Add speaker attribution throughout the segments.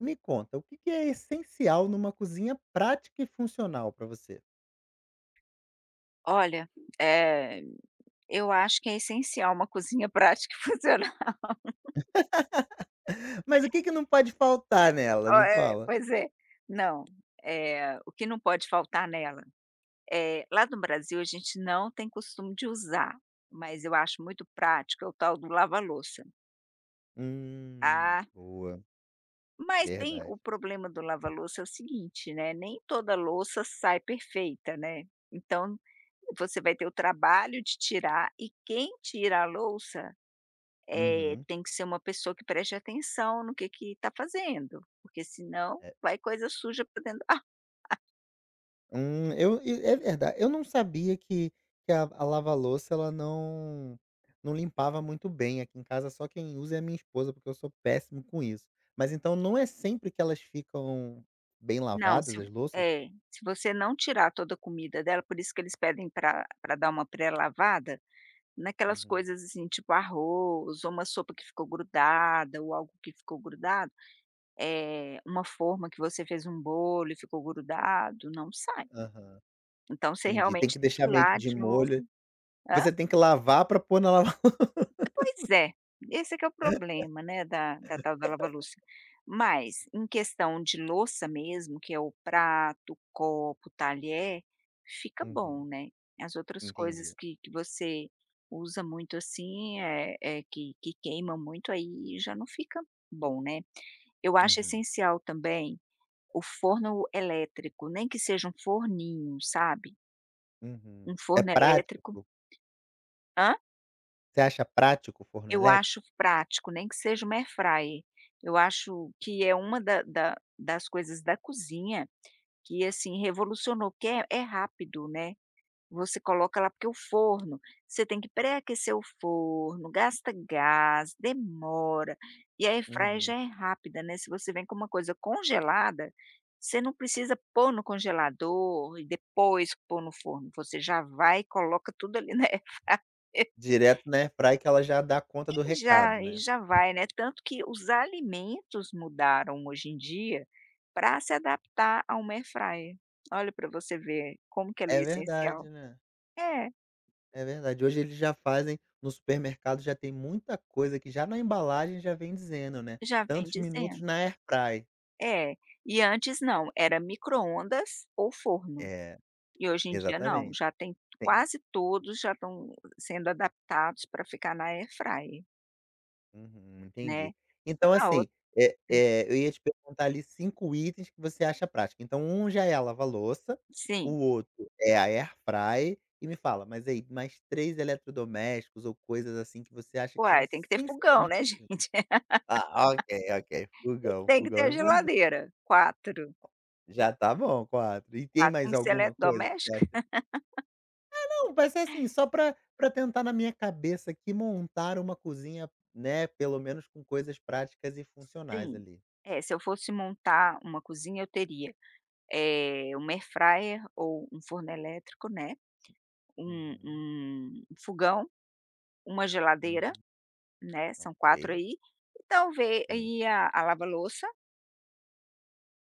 Speaker 1: Me conta, o que que é essencial numa cozinha prática e funcional pra você?
Speaker 2: Olha, eh, eu acho que é essencial uma cozinha prática e funcional.
Speaker 1: Mas o que que não pode faltar nela?
Speaker 2: O
Speaker 1: Me
Speaker 2: eh
Speaker 1: fala.
Speaker 2: pois é. Não, eh, o que não pode faltar nela? Eh, lá no Brasil a gente não tem costume de usar, mas eu acho muito prático, é o tal do lava-louça.
Speaker 1: Hum,
Speaker 2: Ah.
Speaker 1: boa.
Speaker 2: Mas tem
Speaker 1: Verdade.
Speaker 2: o problema do lava-louça é o seguinte, né, nem toda louça sai perfeita, né, então, você vai ter o trabalho de tirar e quem tira a louça, eh,
Speaker 1: Uhum.
Speaker 2: tem que ser uma pessoa que preste atenção no que que tá fazendo, porque senão
Speaker 1: É.
Speaker 2: vai coisa suja pra dentro do ar
Speaker 1: Hum. Eu e, é verda eu não sabia que que a a lava-louça ela não não limpava muito bem, aqui em casa só quem usa é a minha esposa, porque eu sou péssimo com isso. Mas então não é sempre que elas ficam bem
Speaker 2: Não, se
Speaker 1: lavadas,
Speaker 2: um
Speaker 1: as louças?
Speaker 2: é, se você não tirar toda a comida dela, por isso que eles pedem pra pra dar uma pré-lavada, naquelas
Speaker 1: Uhum.
Speaker 2: coisas, assim, tipo, arroz ou uma sopa que ficou grudada ou algo que ficou grudado, eh, uma forma que você fez um bolo e ficou grudado, não sai.
Speaker 1: Aham,
Speaker 2: Então você
Speaker 1: entendi. Tem
Speaker 2: realmente
Speaker 1: que
Speaker 2: tem que
Speaker 1: deixar
Speaker 2: ir
Speaker 1: meio que
Speaker 2: lá
Speaker 1: de
Speaker 2: de novo
Speaker 1: molho.
Speaker 2: Hã?
Speaker 1: Você tem que lavar pra pôr na lava
Speaker 2: Pois
Speaker 1: louça.
Speaker 2: é, esse é que é o problema, né, da da tal da lava-louça. Mas em questão de louça mesmo que é o prato, copo, talher, fica
Speaker 1: Uhum.
Speaker 2: bom, né. As outras coisas
Speaker 1: Entendi.
Speaker 2: que que você usa muito assim, eh eh, que que queima muito, aí, já não fica bom, né. Eu acho
Speaker 1: Uhum.
Speaker 2: essencial também, o forno elétrico, nem que seja um forninho, sabe? Um
Speaker 1: Uhum, é
Speaker 2: forno
Speaker 1: prático?
Speaker 2: elétrico. Hã?
Speaker 1: Você acha prático o forno
Speaker 2: Eu acho
Speaker 1: elétrico?
Speaker 2: prático nem que seja uma airfryer. Eu acho que é uma da da das coisas da cozinha, que, assim, revolucionou que é é rápido, né. Você coloca lá porque o forno você tem que pré-aquecer o forno, gasta gás, demora e a airfryer
Speaker 1: Uhum.
Speaker 2: já é rápida, né, se você vem com uma coisa congelada, você não precisa pôr no congelador e depois pôr no forno, você já vai e coloca tudo ali na airfryer.
Speaker 1: Direto na airfryer que ela já dá conta do
Speaker 2: E
Speaker 1: recado,
Speaker 2: já e
Speaker 1: né.
Speaker 2: já vai, né, tanto que os alimentos mudaram hoje em dia para se adaptar a uma airfryer. Olha, para você ver como que ela é
Speaker 1: É verdade,
Speaker 2: essencial,
Speaker 1: né.
Speaker 2: é.
Speaker 1: É verdade, hoje eles já fazem no supermercado já tem muita coisa que já na embalagem já vem dizendo, né:
Speaker 2: Já vem
Speaker 1: "Tantos minutos
Speaker 2: dizendo.
Speaker 1: na airfryer".
Speaker 2: É, e antes não, era micro-ondas ou forno
Speaker 1: É,
Speaker 2: e hoje em dia não,
Speaker 1: exatamente.
Speaker 2: já tem
Speaker 1: Tem...
Speaker 2: quase todos já estão sendo adaptados para ficar na airfryer.
Speaker 1: Uhum,
Speaker 2: Né.
Speaker 1: entendi. Então
Speaker 2: A o
Speaker 1: assim, eh
Speaker 2: hum.
Speaker 1: eh, eu, ia te perguntar, ali, 5 itens que você acha prático, então 1 já é a lava-louça, o
Speaker 2: Sim.
Speaker 1: outro é a air fryer e me fala, mas aí, mais 3 eletrodomésticos ou coisas, assim, que você acha que são
Speaker 2: Uai, tem que ter
Speaker 1: essenci
Speaker 2: fogão,
Speaker 1: [unintelligible]
Speaker 2: né, gente.
Speaker 1: ah, ok, ok,
Speaker 2: E
Speaker 1: fogão.
Speaker 2: tem que ter
Speaker 1: Fogão é
Speaker 2: a
Speaker 1: importa
Speaker 2: geladeira. 4.
Speaker 1: Já tá bom, 4, e tem
Speaker 2: 4. Tem
Speaker 1: mais
Speaker 2: que ser
Speaker 1: alguma coisa que você
Speaker 2: eletrodoméstico?
Speaker 1: acha Ah não, vai ser assim, só pra pra tentar na minha cabeça aqui, montar uma cozinha, né, pelo menos com coisas práticas e funcionais,
Speaker 2: Sim.
Speaker 1: ali.
Speaker 2: É, se eu fosse montar uma cozinha eu teria, eh, 1 air fryer ou um forno elétrico, né, um
Speaker 1: Hum.
Speaker 2: um 1 fogão, 1
Speaker 1: Hum.
Speaker 2: geladeira, né, são 4
Speaker 1: Ok.
Speaker 2: aí, e talve
Speaker 1: Sim.
Speaker 2: e a a lava-louça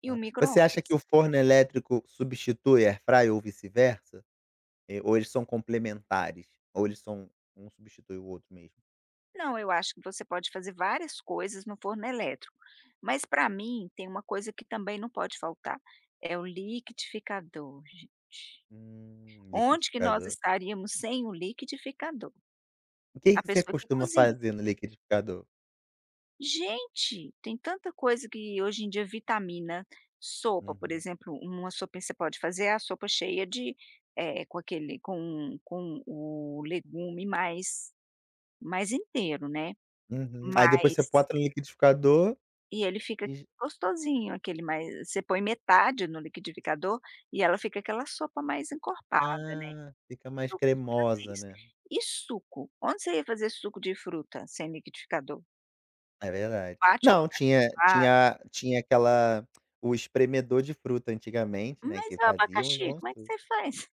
Speaker 2: e o
Speaker 1: Hã, você acha
Speaker 2: microondas.
Speaker 1: que o forno elétrico substitui a air fry ou vice-versa? Eh, ou eles são complementares? Ou eles são um substitui o outro mesmo?
Speaker 2: Não, eu acho que você pode fazer várias coisas no forno elétrico, mas pra mim, tem uma coisa que também não pode faltar, é o liquidificador, gente.
Speaker 1: Hum,
Speaker 2: Onde que nós
Speaker 1: liquidificador.
Speaker 2: estaríamos sem o liquidificador?
Speaker 1: O que
Speaker 2: A
Speaker 1: que você
Speaker 2: pessoa que
Speaker 1: costuma
Speaker 2: cozinha.
Speaker 1: fazer no liquidificador?
Speaker 2: Gente, tem tanta coisa que hoje em dia vitamina, sopa, por
Speaker 1: Uhum.
Speaker 2: exemplo, uma sopinha que você pode fazer é a sopa cheia de, eh, com aquele com com o legume mais mais inteiro, né,
Speaker 1: Uhum. Aí depois você
Speaker 2: mas
Speaker 1: bota no liquidificador
Speaker 2: e ele fica
Speaker 1: e
Speaker 2: aquele
Speaker 1: j
Speaker 2: gostosinho, aquele mai você põe metade no liquidificador e ela fica aquela sopa mais encorpada, né.
Speaker 1: Ah, fica mais
Speaker 2: Eu costumo fazer
Speaker 1: cremosa,
Speaker 2: isso.
Speaker 1: né.
Speaker 2: E suco? Onde você ia fazer suco de fruta sem liquidificador?
Speaker 1: É verdade.
Speaker 2: Bate o
Speaker 1: Não,
Speaker 2: abacaxi
Speaker 1: tinha
Speaker 2: la
Speaker 1: tinha a tinha aquela o espremedor de fruta antigamente, né,
Speaker 2: Mas
Speaker 1: que
Speaker 2: e o
Speaker 1: fazia uns
Speaker 2: abacaxi,
Speaker 1: bons
Speaker 2: como é que
Speaker 1: suco.
Speaker 2: você faz?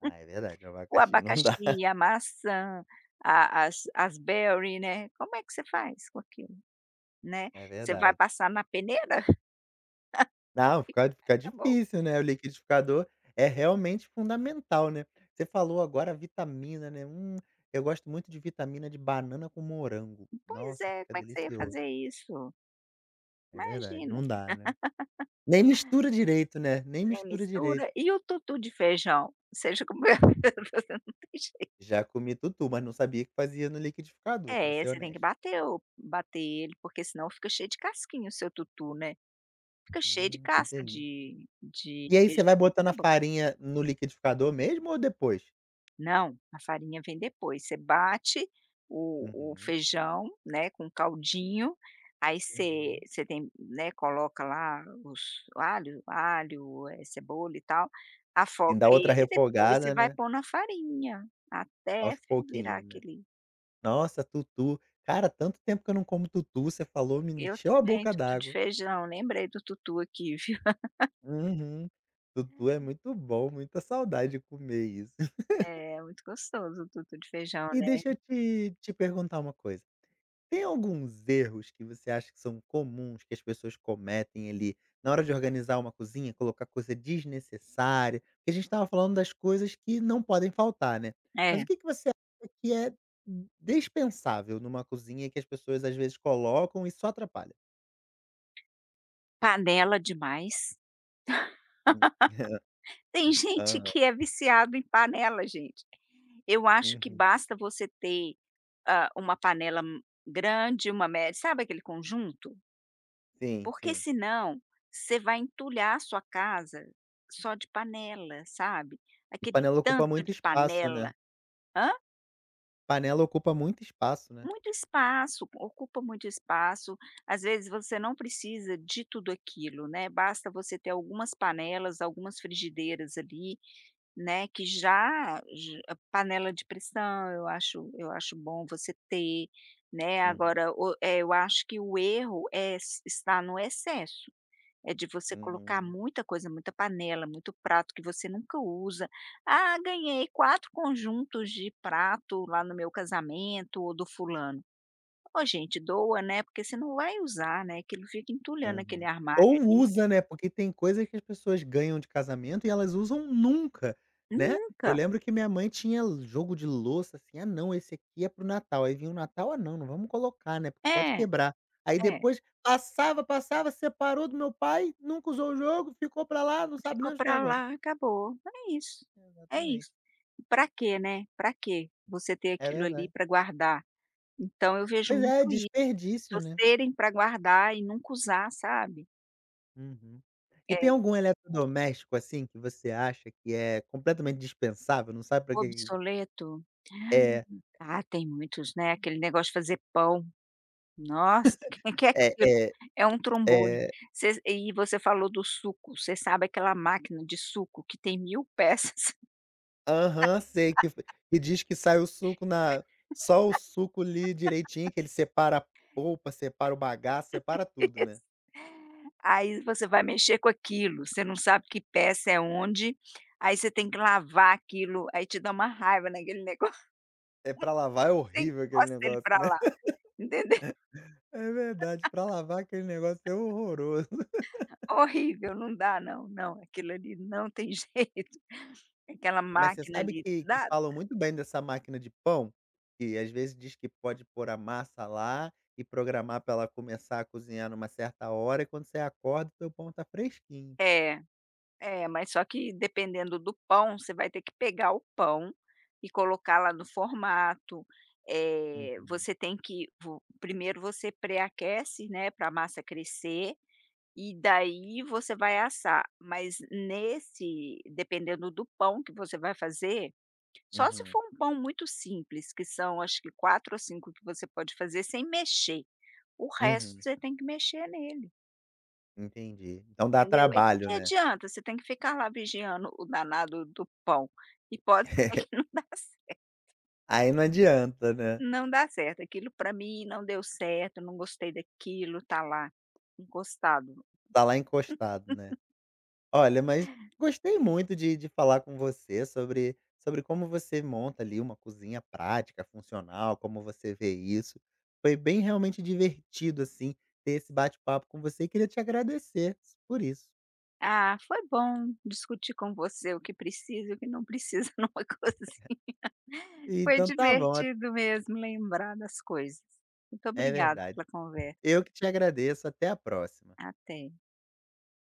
Speaker 1: Ah, é verdade, o
Speaker 2: O
Speaker 1: abacaxi não dá.
Speaker 2: abacaxi, a maçã, a as as berry, né, como é que você faz com aquilo, né,
Speaker 1: É
Speaker 2: você vai
Speaker 1: verdade.
Speaker 2: passar na peneira?
Speaker 1: Não, fica
Speaker 2: Vai
Speaker 1: fica
Speaker 2: ficar bom?
Speaker 1: difícil, né, o liquidificador é realmente fundamental, né. Você falou agora, a vitamina, né, hum, eu gosto muito de vitamina de banana com morango.
Speaker 2: Pois
Speaker 1: Nossa,
Speaker 2: é,
Speaker 1: fica
Speaker 2: como é que você ia
Speaker 1: delicioso.
Speaker 2: fazer isso?
Speaker 1: É verdade,
Speaker 2: Imagina.
Speaker 1: não dá, né. Nem mistura direito, né, nem
Speaker 2: Nem
Speaker 1: mistura direito.
Speaker 2: mistura. E o tutu de feijão? Você já comeu? Não tem jei
Speaker 1: Já comi tutu, mas não sabia que fazia no liquidificador, pra
Speaker 2: É,
Speaker 1: ser
Speaker 2: você tem que
Speaker 1: honesto.
Speaker 2: bater o bater ele, porque senão fica cheio de casquinha o seu tutu, né, fica cheio de
Speaker 1: Hum, que
Speaker 2: casca
Speaker 1: delí
Speaker 2: de de
Speaker 1: E aí você
Speaker 2: feijão,
Speaker 1: vai
Speaker 2: não
Speaker 1: botando
Speaker 2: fica
Speaker 1: a
Speaker 2: bo
Speaker 1: farinha no liquidificador mesmo ou depois?
Speaker 2: Não, a farinha vem depois. Você bate o o
Speaker 1: Uhum.
Speaker 2: feijão, né, com o caldinho, aí, você
Speaker 1: Uhum.
Speaker 2: você tem né, coloca lá, os alho, alho, eh, cebola, e tal, afoga
Speaker 1: Ainda outra
Speaker 2: ele e depois você
Speaker 1: refogada,
Speaker 2: vai
Speaker 1: né?
Speaker 2: pôr na farinha, até
Speaker 1: Aos
Speaker 2: fer virar
Speaker 1: pouquinhos, né.
Speaker 2: aquele
Speaker 1: Nossa, tutu, cara, tanto tempo que eu não como tutu, você falou, me
Speaker 2: Eu
Speaker 1: encheu a
Speaker 2: também,
Speaker 1: boca
Speaker 2: tutu de
Speaker 1: d'água.
Speaker 2: feijão, lembrei do tutu aqui viu.
Speaker 1: Uhum. Tutu é muito bom, muita saudade de comer isso.
Speaker 2: É, muito gostoso o tutu de feijão,
Speaker 1: E
Speaker 2: né?
Speaker 1: deixa eu te te perguntar uma coisa, tem alguns erros que você acha que são comuns que as pessoas cometem, ali, na hora de organizar uma cozinha, colocar coisa desnecessária? Porque a gente estava falando das coisas que não podem faltar, né. Mas o
Speaker 2: É.
Speaker 1: que que você acha que é, d dispensável numa cozinha e que as pessoas às vezes colocam e só atrapalha?
Speaker 2: Panela demais.
Speaker 1: Hum.
Speaker 2: Tem gente
Speaker 1: Aham.
Speaker 2: que é viciado em panela gente. Eu acho, que
Speaker 1: Uhum.
Speaker 2: basta você ter, hã, uma panela m grande, uma mé sabe aquele conjunto?
Speaker 1: Sim,
Speaker 2: Porque
Speaker 1: sim.
Speaker 2: senão, você vai entulhar a sua casa só de panela, sabe?
Speaker 1: E
Speaker 2: Aquele
Speaker 1: panela ocupa
Speaker 2: tanto
Speaker 1: muito
Speaker 2: de
Speaker 1: espaço, né?
Speaker 2: panela Hã?
Speaker 1: Panela ocupa muito espaço, né.
Speaker 2: Muito espaço, ocupa muito espaço. Às vezes, você não precisa de tudo aquilo, né. Basta você ter algumas panelas, algumas frigideiras ali, né, que já j panela de pressão, eu acho eu acho bom você ter, né,
Speaker 1: Uhum.
Speaker 2: agora, o eh, eu acho que o erro é es está no excesso. É de você colocar
Speaker 1: Uhum.
Speaker 2: muita coisa, muita panela, muito prato que você nunca usa: "Ah, ganhei 4 conjuntos de prato lá no meu casamento ou do fulano". "Oh, gente, doa, né", porque você não vai usar, né, aquilo fica entulhando aquele
Speaker 1: Uhum ou
Speaker 2: armário ali.
Speaker 1: usa, né. Porque tem coisa que as pessoas ganham de casamento e elas usam nunca, né. Eu
Speaker 2: Nunca.
Speaker 1: lembro que minha mãe tinha jogo de louça assim: "Ah não, esse aqui é para o Natal". Aí, vinha o Natal: "Ah, não, não vamos colocar, né, porque pode
Speaker 2: É.
Speaker 1: quebrar". Aí
Speaker 2: É.
Speaker 1: depois passava, passava separou do meu pai. Nunca usou o jogo, ficou pra lá, não sabe
Speaker 2: Ficou
Speaker 1: nem onde tá
Speaker 2: pra
Speaker 1: agora.
Speaker 2: lá, acabou. É isso, é
Speaker 1: Exatamente.
Speaker 2: isso. Pra quê, né? Pra quê? Você ter
Speaker 1: É
Speaker 2: aquilo ali
Speaker 1: verdade.
Speaker 2: pra guardar. Então, eu vejo
Speaker 1: Pois
Speaker 2: muito
Speaker 1: é,
Speaker 2: [unintelligible] só
Speaker 1: desperdício, né.
Speaker 2: serem pra guardar e nunca usar, sabe?
Speaker 1: Uhum, e
Speaker 2: É.
Speaker 1: tem algum eletrodoméstico assim, que você acha que é completamente dispensável, não sabe para que que aquilo
Speaker 2: Obsoleto.
Speaker 1: É.
Speaker 2: Ah tem muitos, né, aquele negócio de fazer pão. Nossa quem quer
Speaker 1: É,
Speaker 2: aquilo?
Speaker 1: é,
Speaker 2: É um trambolho,
Speaker 1: é
Speaker 2: vocês e você falou do suco você sabe aquela máquina de suco que tem mil peças?
Speaker 1: Aham, sei que f e diz que sai o suco na só o suco ali direitinho, que ele separa a polpa, separa o bagaço, separa tudo, né.
Speaker 2: Isso, aí você vai mexer com aquilo, você não sabe que peça é onde, aí você tem que lavar aquilo, aí te dá uma raiva naquele negócio.
Speaker 1: É pra lavar é
Speaker 2: Você
Speaker 1: horrível aquele
Speaker 2: encosta ele
Speaker 1: negócio,
Speaker 2: pra
Speaker 1: né,
Speaker 2: lá, entendeu?
Speaker 1: é verdade, pra lavar aquele negócio é horroroso.
Speaker 2: Horrível, não dá não, não, aquilo ali não tem jeito, aquela
Speaker 1: Mas você
Speaker 2: máquina
Speaker 1: sabe
Speaker 2: ali,
Speaker 1: que que
Speaker 2: nada.
Speaker 1: falam muito bem dessa máquina de pão? Que às vezes diz que pode pôr a massa lá e programar para ela começar a cozinhar numa certa hora e quando você acorda o teu pão tá fresquinho.
Speaker 2: É, é, mas só que, dependendo do pão, você vai ter que pegar o pão e colocar lá no formato, eh,
Speaker 1: Uhum.
Speaker 2: você tem que vo primeiro você pré-aquece, né, para a massa crescer, e daí você vai assar, mas nesse dependendo do pão que você vai fazer, só se
Speaker 1: Uhum.
Speaker 2: for um pão muito simples, que são acho que 4 ou 5 que você pode fazer sem mexer, o resto
Speaker 1: Uhum.
Speaker 2: você tem que mexer nele.
Speaker 1: Entendi, então dá
Speaker 2: Entendeu? Aí que
Speaker 1: trabalho,
Speaker 2: que
Speaker 1: né?
Speaker 2: adianta? Você tem que ficar lá vigiando o danado do pão, e pode ser que não dá certo.
Speaker 1: Aí, não adianta, né?
Speaker 2: Não dá certo, aquilo para mim não deu certo, não gostei daquilo, tá lá encostado.
Speaker 1: Tá lá encostado, né, olha mas, gostei muito de de falar com você sobre sobre como você monta ali, uma cozinha prática, funcional, como você vê isso, foi bem realmente divertido assim, ter esse bate-papo com você e queria te agradecer por isso.
Speaker 2: Ah, foi bom discutir com você o que precisa e o que não precisa numa cozinha. Foi
Speaker 1: Então tá bom a
Speaker 2: divertido mesmo lembrar das coisas. Muito
Speaker 1: É
Speaker 2: obrigado
Speaker 1: verdade,
Speaker 2: pela conversa.
Speaker 1: eu que te agradeço, até a próxima.
Speaker 2: Até.